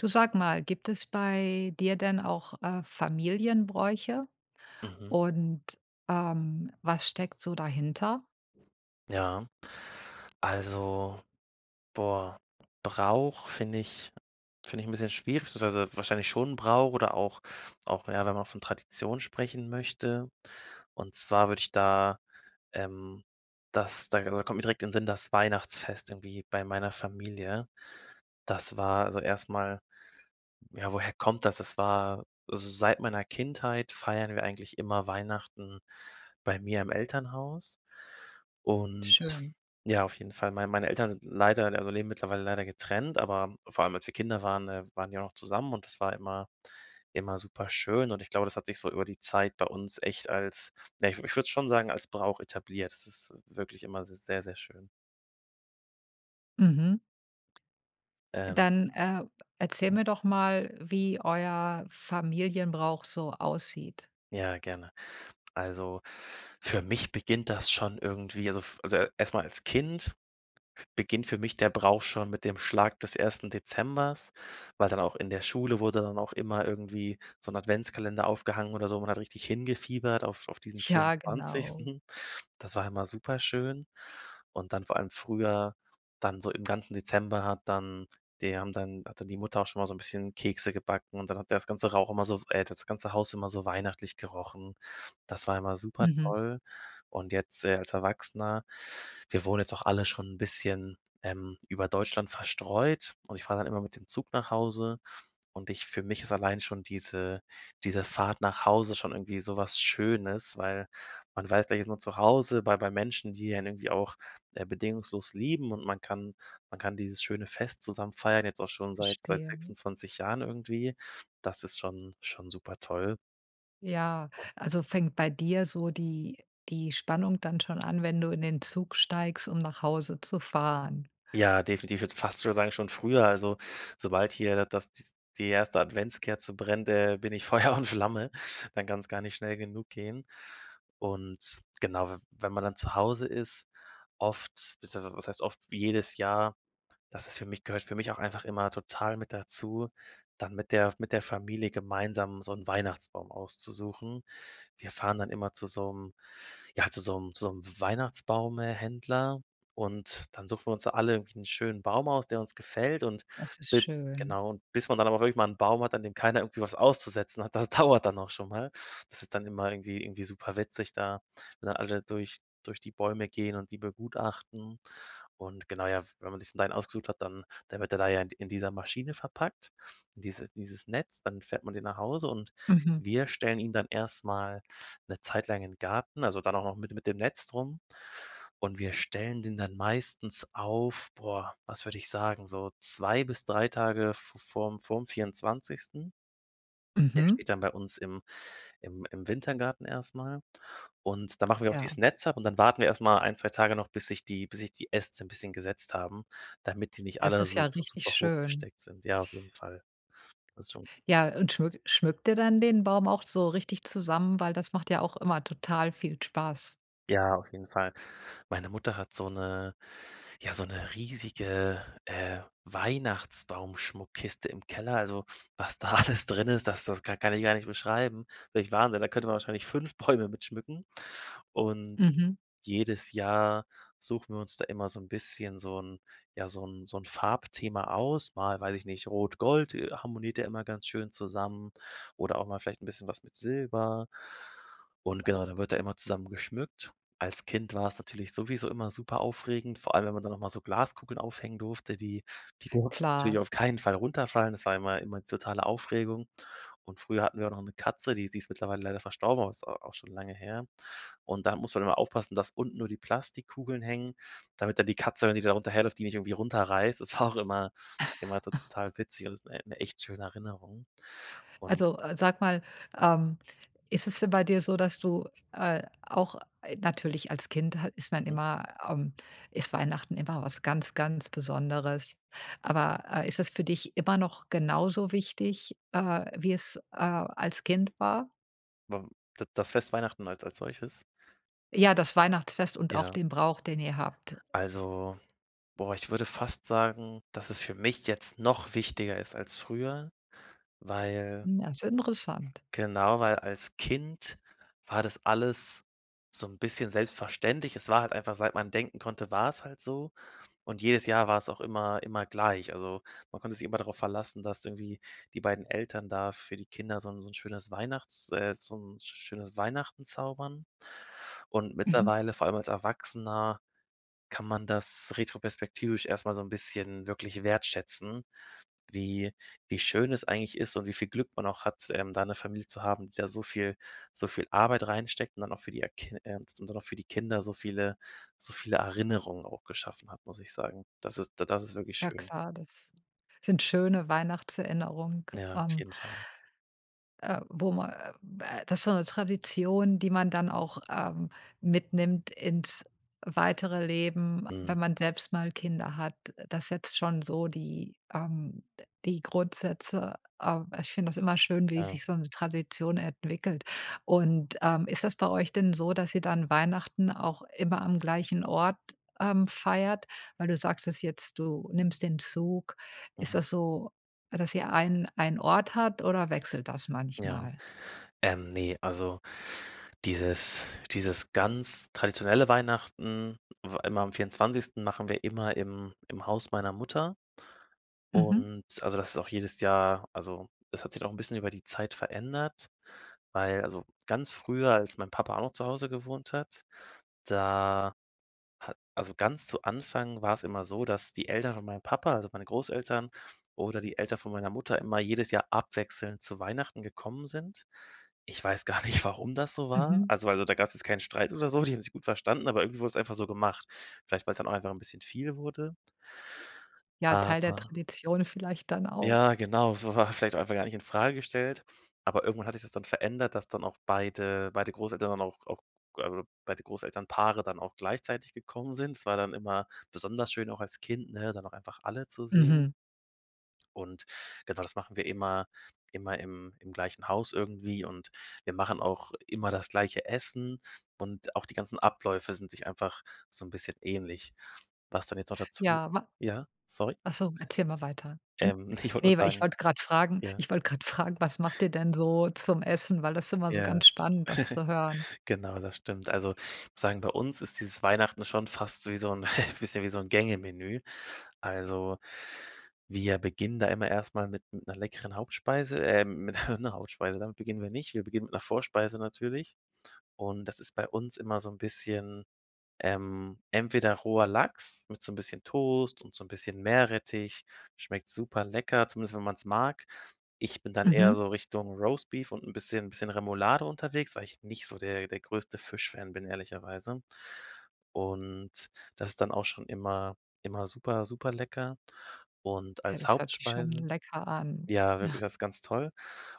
Du, sag mal, gibt es bei dir denn auch, äh, Familienbräuche? Mhm. Und, ähm, was steckt so dahinter? Ja. Also, boah, Brauch finde ich finde ich 'n bisschen schwierig, beziehungsweise wahrscheinlich schon Brauch oder auch auch, ja, wenn man von Tradition sprechen möchte. Und zwar würde ich da, ähm, das da da kommt direkt in den Sinn, das Weihnachtsfest irgendwie bei meiner Familie. Das war, also erst mal, ja, woher kommt das? Das war also, seit meiner Kindheit feiern wir eigentlich immer Weihnachten bei mir im Elternhaus und Schön. ja auf jeden Fall, mei meine Eltern sind leider, also, leben mittlerweile leider getrennt, aber vor allem als wir Kinder waren, ähm, waren die auch noch zusammen und das war immer immer superschön und ich glaube, das hat sich so über die Zeit bei uns echt als ne, ich w würde es schon sagen, als Brauch etabliert. Das ist wirklich immer s sehr, sehr schön. Mhm. Ähm. Dann, äh, erzähl Ja. mir doch mal, wie euer Familienbrauch so aussieht. Ja, gerne. Also, für mich beginnt das schon irgendwie, also f also, e erst mal als Kind beginnt für mich der Brauch schon mit dem Schlag des 1. Dezembers, weil dann auch in der Schule wurde dann auch immer irgendwie so 'n Adventskalender aufgehangen oder so. Man hat richtig hingefiebert auf auf diesen Ja, genau. 24. Das war immer super schön und dann vor allem früher dann so im ganzen Dezember hat dann die haben dann hat dann die Mutter auch schon mal so 'n bisschen Kekse gebacken und dann hat ja das ganze Rauch immer so, w äh, hat das ganze Haus immer so weihnachtlich gerochen. Das war immer super Mhm. toll und jetzt, äh, als Erwachsener, wir wohnen jetzt auch alle schon 'n bisschen, ähm, über Deutschland verstreut und ich fahre dann immer mit dem Zug nach Hause und ich für mich ist allein schon diese diese Fahrt nach Hause schon irgendwie so was Schönes, weil man weiß, gleich ist man zu Hause, bei bei Menschen, die einen irgendwie auch, äh, bedingungslos lieben und man kann man kann dieses schöne Fest zusammen feiern, jetzt auch schon seit seit Verstehe. 26 Jahren irgendwie. Das ist schon schon super toll. Ja, also fängt bei dir so die die Spannung dann schon an, wenn du in den Zug steigst, um nach Hause zu fahren? Ja, definitiv, würde fast schon sagen schon früher, also sobald hier das das die 1. Adventskerze brennt, äh, bin ich Feuer und Flamme, dann kann's gar nicht schnell genug gehen. Und genau, we wenn man dann zu Hause ist, oft beziehungsweise was heißt, oft, jedes Jahr, das ist für mich gehört für mich auch einfach immer total mit dazu, dann mit der F mit der Familie gemeinsam so 'n Weihnachtsbaum auszusuchen. Wir fahren dann immer zu so 'nem ja, zu so 'nem zu so 'nem Weihnachtsbaum äh, Händler und dann suchen wir uns da alle irgendwie 'n schönen Baum aus, der uns gefällt und Das ist b schön. genau, bis man dann aber auch irgendwann 'n Baum hat, an dem keiner irgendwie was auszusetzen hat, das dauert dann auch schon mal. Das ist dann immer irgendwie irgendwie super witzig da. Wenn dann alle durch durch die Bäume gehen und die begutachten und genau, ja, w wenn man sich dann sein ausgesucht hat, dann dann wird er da ja in d in dieser Maschine verpackt, und dieses dieses Netz, dann fährt man den nach Hause und Mhm. wir stellen ihn dann erst mal 'ne Zeit lang in den Garten, also dann auch noch mit de mit dem Netz drum und wir stellen den dann meistens auf boah, was würde ich sagen, so 2 bis 3 Tage v vorm vorm 24. Der Mhm. steht dann bei uns im im im Wintergarten erst mal und da machen wir auch Ja. dieses Netz ab und dann warten wir erst mal 1, 2 Tage noch, bis sich die bis sich die Äste 'n bisschen gesetzt haben, damit die nicht Das alle ist so ja richtig super schön. hochgesteckt sind. Ja, auf jeden Fall. Das schon. Ja und schmück schmückt ihr dann den Baum auch so richtig zusammen? Weil, das macht ja auch immer total viel Spaß. Ja, auf jeden Fall. Meine Mutter hat so 'ne ja, so 'ne riesige, äh, Weihnachtsbaumschmuckkiste im Keller. Also, was da alles drin ist, das das ka kann ich gar nicht beschreiben. Wirklich Wahnsinn. Da könnte man wahrscheinlich 5 Bäume mit schmücken und Mhm. jedes Jahr suchen wir uns da immer so 'n bisschen so 'n ja, so 'n so 'n Farbthema aus, mal, weiß ich nicht, Rot Gold harmoniert ja immer ganz schön zusammen oder auch mal vielleicht 'n bisschen was mit Silber und genau, da wird da immer zusammen geschmückt. Als Kind war's natürlich sowieso immer super aufregend, vor allem, wenn man dann noch mal so Glaskugeln aufhängen durfte, die die durften natürlich Klar. auf keinen Fall runterfallen. Das war immer immer die totale Aufregung und früher hatten wir auch noch 'ne Katze, die sie ist mittlerweile leider verstorben, aber ist a auch schon lange her. Und da musste man immer aufpassen, dass unten nur die Plastikkugeln hängen, damit dann die Katze, wenn die da runter herläuft, die nicht irgendwie runterreißt, das war auch immer immer tot total witzig und ist 'ne e 'ne echt schöne Erinnerung. Und Also, äh, sag mal, ähm, ist es denn bei dir so, dass du, äh, auch äh, natürlich als Kind hat ist man Mhm. immer, ähm ist Weihnachten immer was ganz, ganz Besonderes. Aber, äh, ist es für dich immer noch genauso wichtig, äh, wie es, äh, als Kind war? Wa da das Fest Weihnachten als als solches? Ja, das Weihnachtsfest und auch Ja. den Brauch, den ihr habt. Also, boah, ich würde fast sagen, dass es für mich jetzt noch wichtiger ist als früher, weil Hm, das ist interessant. Genau, weil als Kind war das alles so 'n bisschen selbstverständlich. Es war halt einfach seit man denken konnte, war's halt so und jedes Jahr war's auch immer immer gleich. Also, man konnte sich immer darauf verlassen, dass irgendwie die beiden Eltern da für die Kinder so 'n so 'n schönes Weihnachts äh, so 'n schönes Weihnachten zaubern. Und Mhm. mittlerweile, vor allem als Erwachsener kann man das retroperspektivisch erst mal so 'n bisschen wirklich wertschätzen, wie wie schön es eigentlich ist und wie viel Glück man auch hat, ähm, da 'ne Familie zu haben, die da so viel so viel Arbeit reinsteckt und dann auch für die a kin ähm, und dann auch für die Kinder so viele so viele Erinnerungen auch geschaffen hat, muss ich sagen. Das ist da das ist wirklich Ja schön. klar, das sind schöne Weihnachtserinnerungen, Ja, auf ähm jeden Fall. äh, wo man, äh, äh das ist so 'ne Tradition, die man dann auch, ähm, mitnimmt ins weitere Leben, Mhm. wenn man selbst mal Kinder hat, das setzt schon so die, ähm, d die Grundsätze ähm, ich finde das immer schön, wie Ja. sich so 'ne Tradition entwickelt. Und, ähm, ist das bei euch denn so, dass ihr dann Weihnachten auch immer am gleichen Ort, ähm, feiert? Weil, du sagtest jetzt, du nimmst den Zug. Ist Mhm. das so, dass ihr einen einen Ort hat oder wechselt das Ja. manchmal? Ähm, ne, also dieses dieses ganz traditionelle Weihnachten, w immer am 24. machen wir immer im im Haus meiner Mutter Mhm. und also, das ist auch jedes Jahr also, es hat sich doch 'n bisschen über die Zeit verändert, weil also, ganz früher, als mein Papa auch noch zu Hause gewohnt hat, da ha also ganz zu Anfang war's immer so, dass die Eltern von meinem Papa, also meine Großeltern oder die Eltern von meiner Mutter immer jedes Jahr abwechselnd zu Weihnachten gekommen sind. Ich weiß gar nicht, warum das so war. Mhm. Also, weil so da gab's jetzt keinen Streit oder so, die haben sich gut verstanden, aber irgendwo wurde es einfach so gemacht, vielleicht weil's dann auch einfach 'n bisschen viel wurde. Ja, Teil der Aber Tradition vielleicht dann Ja, auch. genau, wa war vielleicht einfach gar nicht infrage gestellt, aber irgendwann hat sich das dann verändert, dass dann auch beide beide Großeltern dann auch auch g also beide Großeltern-Paare dann auch gleichzeitig gekommen sind. Das war dann immer besonders schön auch als Kind, ne, dann auch einfach alle zu sehen. Mhm. Und genau, das machen wir immer immer im im gleichen Haus irgendwie und wir machen auch immer das gleiche Essen und auch die ganzen Abläufe sind sich einfach so 'n bisschen ähnlich. Was denn jetzt noch dazu Ja, wa ja, sorry. ach so, erzähl mal weiter. N Ähm, ich wollte nur ne, weil ich sagen wollte grad fragen ja? ich wollte grad fragen: Was macht ihr denn so zum Essen, weil das ist immer so Ja, ganz spannend, das zu hören. genau, das stimmt. Also, ich muss sagen, bei uns ist dieses Weihnachten schon fast so wie so 'n bisschen wie so 'n Gänge-Menü. Also, wir beginnen da immer erst mal mit 'ner leckeren Hauptspeise ähm, mit 'ner Hauptspeise, damit beginnen wir nicht. Wir beginnen mit 'ner Vorspeise natürlich und das ist bei uns immer so 'n bisschen, ähm, entweder roher Lachs mit so 'n bisschen Toast und so 'n bisschen Meerrettich, schmeckt super lecker, zumindest wenn man's mag. Ich bin dann eher Mhm. so Richtung Roastbeef und 'n bisschen 'n bisschen Remoulade unterwegs, weil ich nicht so der der größte Fischfan bin ehrlicherweise. Und das ist dann auch schon immer immer super super lecker und Ja, als das hört sich schon Hauptspeise lecker an. ja, wirklich das ist ganz toll.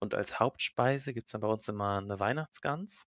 Und als Hauptspeise gibt's dann bei uns immer 'ne Weihnachtsgans,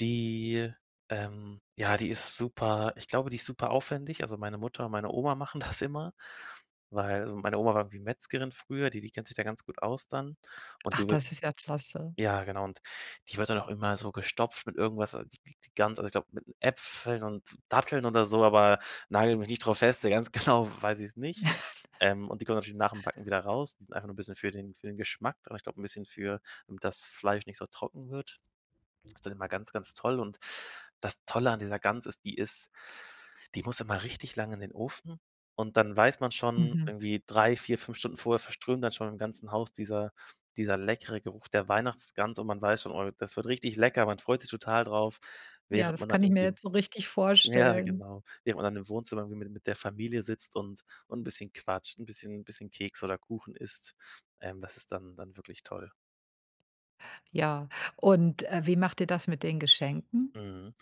die, ähm ja, die ist super ich glaube, die ist super aufwendig, also meine Mutter und meine Oma machen das immer, weil so meine Oma war irgendwie Metzgerin früher, die die kennt sich da ganz gut aus dann und Ach, die wir das ist klasse. ja genau die wird dann auch immer so gestopft mit irgendwas, also die G die Gans, also ich glaube, mit Äpfeln und Datteln oder so, aber nagel mich nicht drauf fest, ja, ganz genau, w weiß ich's nicht. Ähm, und die kommt natürlich nach dem Backen wieder raus, die sind einfach nur 'n bisschen für den für den Geschmack, d aber ich glaube, 'n bisschen für damit das Fleisch nicht so trocken wird. Das ist dann immer ganz, ganz toll und das Tolle an dieser Gans ist, die ist die muss immer richtig lang in den Ofen und dann weiß man schon Mhm. irgendwie 3, 4, 5 Stunden vorher verströmt dann schon im ganzen Haus dieser dieser leckere Geruch der Weihnachtsgans und man weiß schon: „Oh, das wird richtig lecker“, man freut sich total drauf, Ja, während das man dann kann ich mir irgendwie jetzt so richtig ja vorstellen. genau, nebenan im Wohnzimmer irgendwie mit der Familie sitzt und und 'n bisschen quatscht, 'n bisschen bisschen Kekse oder Kuchen isst. Ähm, das ist dann dann wirklich toll. Ja und, äh, wie macht ihr das mit den Geschenken? Mhm.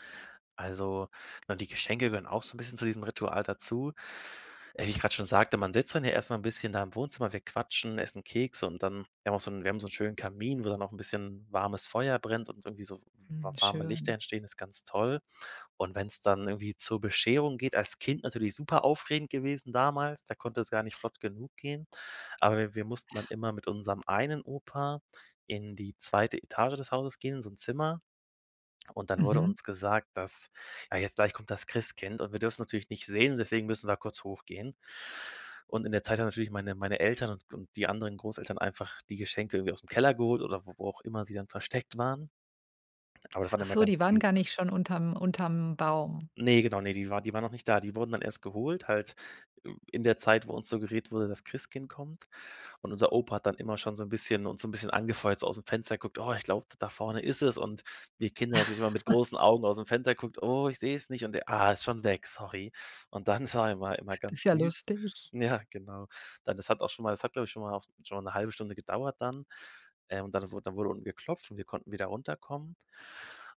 Also, na, die Geschenke gehören auch so 'n bisschen zu diesem Ritual dazu. Äh, wie ich grade schon sagte, man sitzt dann ja erst mal 'n bisschen da im Wohnzimmer, wir quatschen, essen Kekse und dann wir haben auch so 'n wir haben so 'n schönen Kamin, wo dann noch 'n bisschen warmes Feuer brennt und irgendwie so wa Hm, warme Lichter schön. entstehen, ist ganz toll. Und wenn's dann irgendwie zur Bescherung geht als Kind natürlich superaufregend gewesen damals, da konnte es gar nicht flott genug gehen, aber wir wir mussten dann immer mit unserem einen Opa in die zweite Etage des Hauses gehen, in so 'n Zimmer und dann wurde Mhm. uns gesagt, dass, ja, jetzt gleich kommt das Christkind und wir dürfen natürlich nicht sehen, deswegen müssen wir kurz hochgehen. Und in der Zeit haben natürlich meine meine Eltern und und die anderen Großeltern einfach die Geschenke irgendwie ausm Keller geholt oder wo wo auch immer sie dann versteckt waren aber das war Ach immer so, ganz die waren gar süß. nicht schon unterm unterm Baum. Ne, genau, ne, die war die waren noch nicht da. Die wurden dann erst geholt, halt, äh, in der Zeit, wo uns suggeriert wurde, das Christkind kommt. Und unser Opa hat dann immer schon so 'n bisschen uns so 'n bisschen angefeuert, so ausm Fenster geguckt: „Oh, ich glaube, da vorne ist es.“ Und die Kinder natürlich immer mit großen Augen ausm Fenster geguckt: „Oh, ich seh's nicht.“ und er: „Ah, ist schon weg, sorry.“ Und dann sah er immer immer Das ist ganz ja süß lustig. ja, genau. Dann das hat auch schon mal das hat, glaube ich, schon mal auch schon mal 'ne halbe Stunde gedauert dann, ähm, und dann wurde dann wurde unten geklopft und wir konnten wieder runterkommen.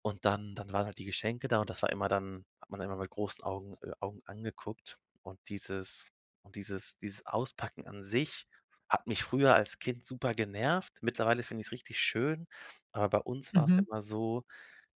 Und dann dann waren halt die Geschenke da und das war immer dann hat man immer mit großen Augen äh, Augen angeguckt und dieses und dieses dieses Auspacken an sich hat mich früher als Kind super genervt. Mittlerweile finde ich's richtig schön, aber bei uns war's Mhm. immer so,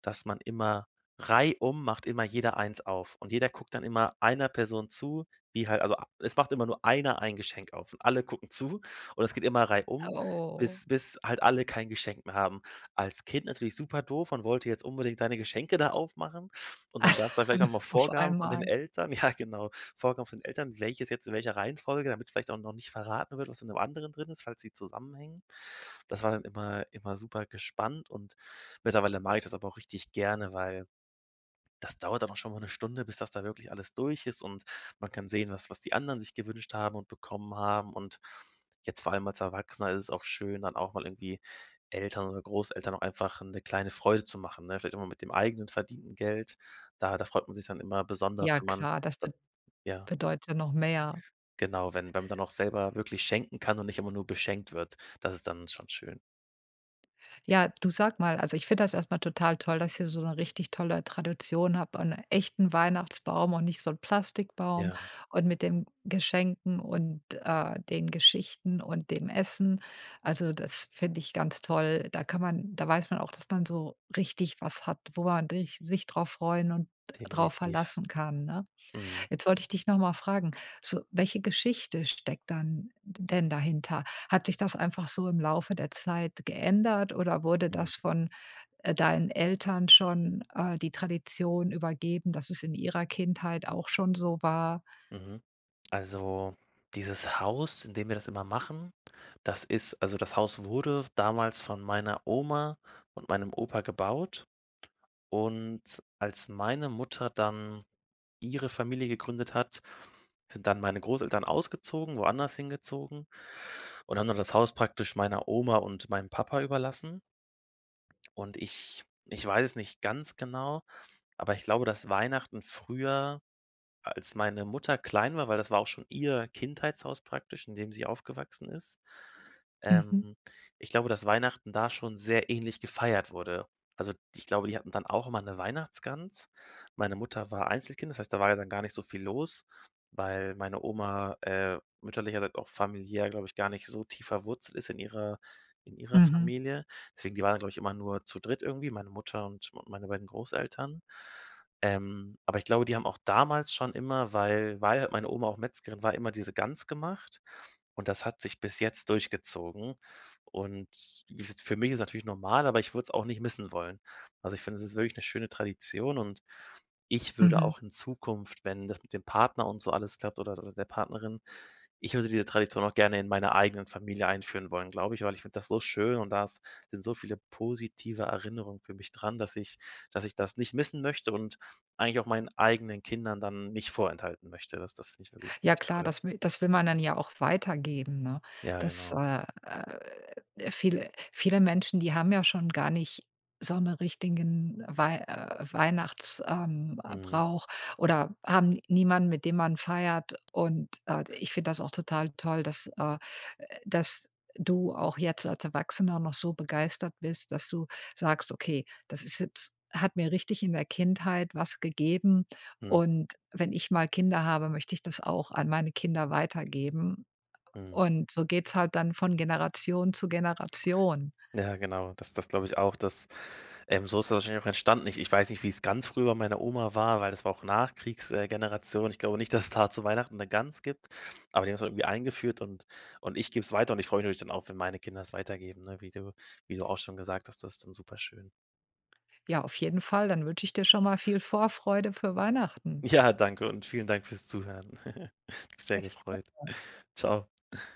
dass man immer reihum macht immer jeder eins auf und jeder guckt dann immer einer Person zu, die halt also ab es macht immer nur einer ein Geschenk auf und alle gucken zu und es geht immer reihum, Oh. bis bis halt alle kein Geschenk mehr haben. Als Kind natürlich super doof, man wollte jetzt unbedingt seine Geschenke da aufmachen und dann gab's dann vielleicht auch mal Auf Vorgaben von den einmal. Eltern. Ja, genau, Vorgaben von den Eltern, welches jetzt in welcher Reihenfolge, damit vielleicht auch noch nicht verraten wird, was in 'nem anderen drin ist, falls sie zusammenhängen. Das war dann immer immer supergespannt und mittlerweile mag ich das aber auch richtig gerne, weil das dauert aber schon mal 'ne Stunde, bis das da wirklich alles durch ist und man kann sehen, was was die anderen sich gewünscht haben und bekommen haben und jetzt vor allem als Erwachsener ist es auch schön, dann auch mal irgendwie Eltern oder Großeltern auch einfach 'ne kleine Freude zu machen, ne? Vielleicht auch mal mit dem eigenen verdienten Geld. Da da freut man sich dann immer besonders, Ja wenn man klar, das be dann ja bedeutet noch mehr. genau, wenn wenn man dann auch selber wirklich schenken kann und nicht immer nur beschenkt wird, das ist dann schon schön. Ja, du sage mal, also, ich finde das erstmal total toll, dass ihr so 'ne richtig tolle Tradition habt und echten Weihnachtsbaum und nicht so 'n Plastikbaum Ja. und mit dem Geschenken und, äh, den Geschichten und dem Essen. Also, das finde ich ganz toll. Da kann man da weiß man auch, dass man so richtig was hat, wo man rich sich drauf freuen und drauf Definitiv. verlassen kann, ne? Mhm. Jetzt wollte ich dich noch mal fragen, so welche Geschichte steckt dann d denn dahinter? Hat sich das einfach so im Laufe der Zeit geändert oder wurde Mhm. das von, äh, deinen Eltern schon, äh, die Tradition übergeben, dass es in ihrer Kindheit auch schon so war? Mhm. Also, dieses Haus, in dem wir das immer machen, das ist also, das Haus wurde damals von meiner Oma und meinem Opa gebaut und als meine Mutter dann ihre Familie gegründet hat, sind dann meine Großeltern ausgezogen, woanders hingezogen und haben dann das Haus praktisch meiner Oma und meinem Papa überlassen. Und ich ich weiß es nicht ganz genau, aber ich glaube, dass Weihnachten früher, als meine Mutter klein war weil das war auch schon ihr Kindheitshaus praktisch, in dem sie aufgewachsen ist, ähm, Mhm. ich glaube, dass Weihnachten da schon sehr ähnlich gefeiert wurde. Also, ich glaube, die hatten dann auch immer 'ne Weihnachtsgans. Meine Mutter war Einzelkind, das heißt, da war ja dann gar nicht so viel los, weil meine Oma, äh, mütterlicherseits, auch familiär, glaube ich, gar nicht so tief verwurzelt ist in ihrer in ihrer Mhm. Familie. Deswegen, die waren dann, glaube ich, immer nur zu dritt irgendwie, meine Mutter und meine beiden Großeltern. Ähm, aber ich glaube, die haben auch damals schon immer, weil weil halt meine Oma auch Metzgerin war, immer diese Gans gemacht und das hat sich bis jetzt durchgezogen. Und wie s für mich ist es natürlich normal, aber ich würde es auch nicht missen wollen. Also, ich finde, es ist wirklich 'ne schöne Tradition und ich würde Mhm. auch in Zukunft, wenn das mit dem Partner und so alles klappt oder oder der Partnerin. Ich würde diese Tradition auch gerne in meiner eigenen Familie einführen wollen, glaube ich, weil ich finde das so schön und da ist sind so viele positive Erinnerungen für mich dran, dass ich dass ich das nicht missen möchte und eigentlich auch meinen eigenen Kindern dann nicht vorenthalten möchte. Das das finde ich wirklich Ja klar, toll. das wi das will man dann ja auch weitergeben, ne? Ja, Dass, genau. äh, äh, viele viele Menschen, die haben ja schon gar nicht so 'ne richtigen Weih äh, Weihnachts ähm, äh, Mhm. Brauch oder haben niemanden, mit dem man feiert. Und, äh, d ich finde das auch total toll, dass, äh dass du auch jetzt als Erwachsener noch so begeistert bist, dass du sagst: „Okay, das ist jetzt hat mir richtig in der Kindheit was gegeben Mhm. und wenn ich mal Kinder habe, möchte ich das auch an meine Kinder weitergeben.“ Mhm. Und so geht's halt dann von Generation zu Generation. Ja, genau. Das das glaube ich auch, dass ähm, so ist das wahrscheinlich auch entstanden. Ich ich weiß nicht, wie's ganz früher bei meiner Oma war, weil das war auch Nachkriegs äh, Generation. Ich glaube nicht, dass da zu Weihnachten 'ne Gans gibt, aber die haben's irgendwie eingeführt und und ich gebe 's weiter und ich freue mich natürlich dann auch, wenn meine Kinder 's weitergeben, ne, wie du wie du auch schon gesagt hast. Das ist dann super schön. Ja, auf jeden Fall, dann wünsche ich dir schon mal viel Vorfreude für Weihnachten. Ja, danke und vielen Dank fürs Zuhören. Hat mich sehr gefreut. [unintelligible] Ciao.